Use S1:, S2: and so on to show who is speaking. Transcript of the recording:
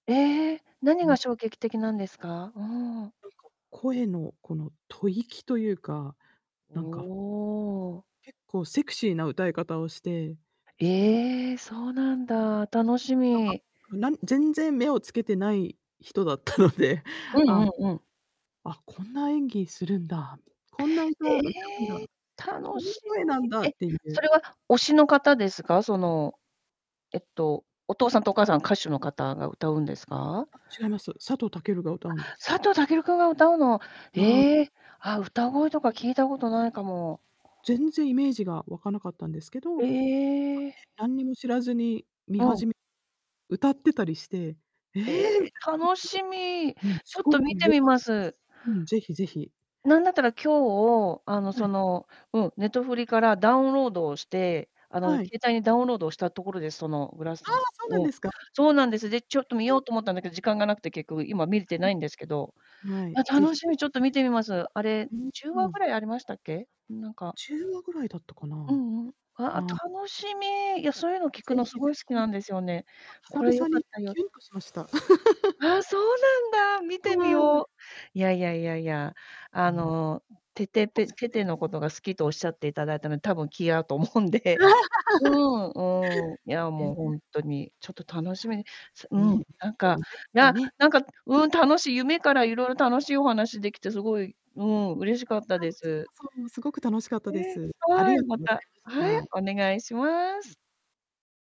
S1: ええ、何
S2: う
S1: が
S2: ん。
S1: 衝撃的なんですか？うん。
S2: なんか、声のこの吐息というか、
S1: お
S2: なんか。
S1: お。
S2: 結構セクシーな歌い方をして。
S1: ええ、そうなんだ。楽し
S2: なんか、
S1: み。
S2: なん全然目を付けてない人だったので、
S1: うんうんうん。
S2: あ。あ、こんな演技するんだ、こんな歌
S1: え
S2: 歌うんだ、
S1: え。楽
S2: こんな
S1: し
S2: 声なんだっ
S1: み。え、
S2: てい
S1: そ
S2: う。
S1: れは推しの方ですか？その、えっとお父さんとお母さん、歌手の方が歌うんですか？
S2: あ、違います。佐藤健が歌
S1: あ、
S2: うんです。
S1: 佐藤健君が歌うの？
S2: うん。
S1: ええ、あ、歌声とか聞いたことないかも。
S2: 全然イメージが湧かなかったんですけ
S1: え
S2: ど
S1: え。
S2: 何にも知らずに見始め
S1: うん。
S2: 歌ってたりして、ええ、
S1: え え、楽しみ。
S2: うん、
S1: ちょっ
S2: 凄
S1: と見
S2: く
S1: て
S2: 良
S1: み
S2: かった
S1: ます。
S2: す。うん、是非是非。
S1: 何だったら、今日、あの
S2: は
S1: そ
S2: い。
S1: の、うん、ネトフリからダウンロードをして、あの
S2: はい。
S1: 携帯にダウンロードをしたところですそのグラス
S2: ああ、そうな
S1: う
S2: ん
S1: ん。
S2: ですか？
S1: そうなんです。で、ちょっと見よ うと思ったんだけど時間が無くて結局今見れてないんですけど。
S2: うん。は
S1: い
S2: い、
S1: や、
S2: 是非
S1: 楽し
S2: 是
S1: み、ちょっと見てみます。あれ、
S2: 非聞いてくださ
S1: じゅう
S2: い。う
S1: わ
S2: ー
S1: ぐ
S2: ん。
S1: らいありましたっけ？なんか。
S2: 10話ぐらいだったかな。
S1: うんうん。ああ、
S2: はあ。
S1: 楽しみ。いや、そういうの
S2: 是非是
S1: 聞くの凄い好き
S2: 非。
S1: なんですよね。これ
S2: 久
S1: 良
S2: 々
S1: かっ
S2: にこ
S1: た
S2: う
S1: よ。
S2: キュンとしました。
S1: ああ、そうなんだ、見てみ
S2: はい。
S1: よう。いやいやいやいや、あ
S2: うん。
S1: の、テテペテテのこ とが好きと仰って頂いたので、多分気合うと思うんで。うん、うん。いや、
S2: へ
S1: もうほ
S2: え。
S1: んとに。ちょっと楽しみに。すう
S2: いや、ね。
S1: ん、なんか、な
S2: ね。
S1: なんか、うん、楽しい、夢から色々楽しいお話できて凄い、うん、嬉しかった
S2: あ、
S1: で
S2: こちら
S1: す。
S2: こそすごく楽しかったで
S1: え、
S2: す。あ
S1: は
S2: り
S1: い、
S2: がと
S1: ま
S2: うござ
S1: た、
S2: い
S1: は
S2: ま
S1: い、
S2: した。
S1: お願いします。